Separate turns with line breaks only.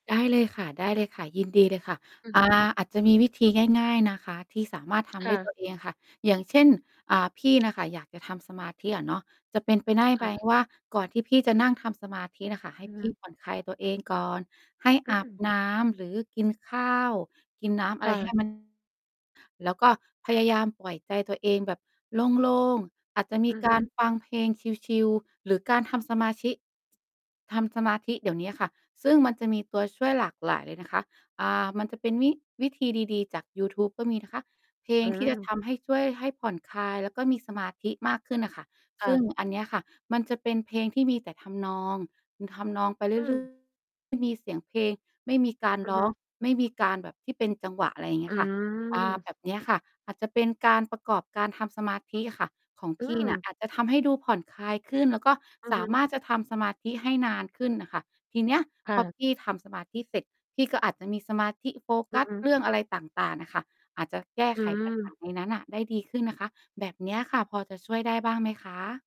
ได้เลยค่ะ ได้เลยค่ะ ยินดีเลยค่ะ
อือ
อ
ฮ
่า
ึ
อาจจะมีวิธีง่าย ๆ นะคะ ที่สามารถท
ค
ำ
่
ด้วย ตั
ะ
วเอง ค่ะ อย่างเช่น อ่า พี่น่ะค่ะอยากจะทำสมาธิอะเนาะ จะเป็นไปได้
ค
ไห
่
ม?
ะ
ว่า ก่อนที่พี่จะนั่งทำสมาธิน่ะค่ะ ให้
อือ
พ
ฮ
ี่
ึ
ผ่อน คลายตัวเองก่อน ให้
อื
อาบ
ม
น้ำหรือกินข้าวกินน้ำอ
ค
ะไ
่
รให้
ะ
มัน แล้วก็พยายามปล่อยใจตัวเองแบบโล่ง ๆ อาจจะม
อ
ี
ือ
ก
ฮ
าร
ึ
ฟังเพลงชิล ๆ หรือการทำสมาชิ ทำสมาธิ เดี๋ยวนี้ค่ะ ซึ่งมันจะมีตัวช่วยหลากหลายเลยนะคะ อ่า มันจะเป็นวิ วิธีดี ๆ จากยูทูบก็มีนะคะ เพล
อ
ง
ื
ที่จะ
ม
ทำให้ช่วยให้ผ่อนคลาย แล้วก็มีสมาธิมากขึ้นน่ะค่ะ
ค่
ซึ่ง
ะ
อันเนี้ยค่ะมันจะเป็นเพลงที่มีแต่ทำนอง อือ ทำนองไปเร
อ
ื่อย เ
ื
รื่
ม
อย ไม่มีเสียงเพลง ไม่มีการ
อื
ร
อฮ
้
ึ
อง ไม่มีการแบบที่เป็นจังหวะ อะไรเงี
อื
้ยค่ะ อา
ม
แบบเนี้ยค่ะ อาจจะเป็นการประกอบการทำสมาธิอะค่ะของ
อื
พี่เนี่ย
ม
อาจจะทำให้ดูผ่อนคลายขึ้น แล้วก็
อือ
ส
ฮ
าม
ึ
ารถจะทำสมาธิให้นานขึ้นน่ะค่ะ ทีเนี้ย
ค
พ
่
อ
ะ
พี่ทำสมาธิเสร็จ พี่ก็อาจจะมีสมาธิโฟ
อ
ก
ื
ั
อ
ส
ฮึ
เรื่องอะไรต่าง ๆ อะค่ะ อาจจะแก้
อื
ไข ปัญหา
ม
ในนั้นน่ะได้ดีขึ้นนะคะ แบบเนี้ยค่ะ พอจะช่วยได้บ้างไหมคะ?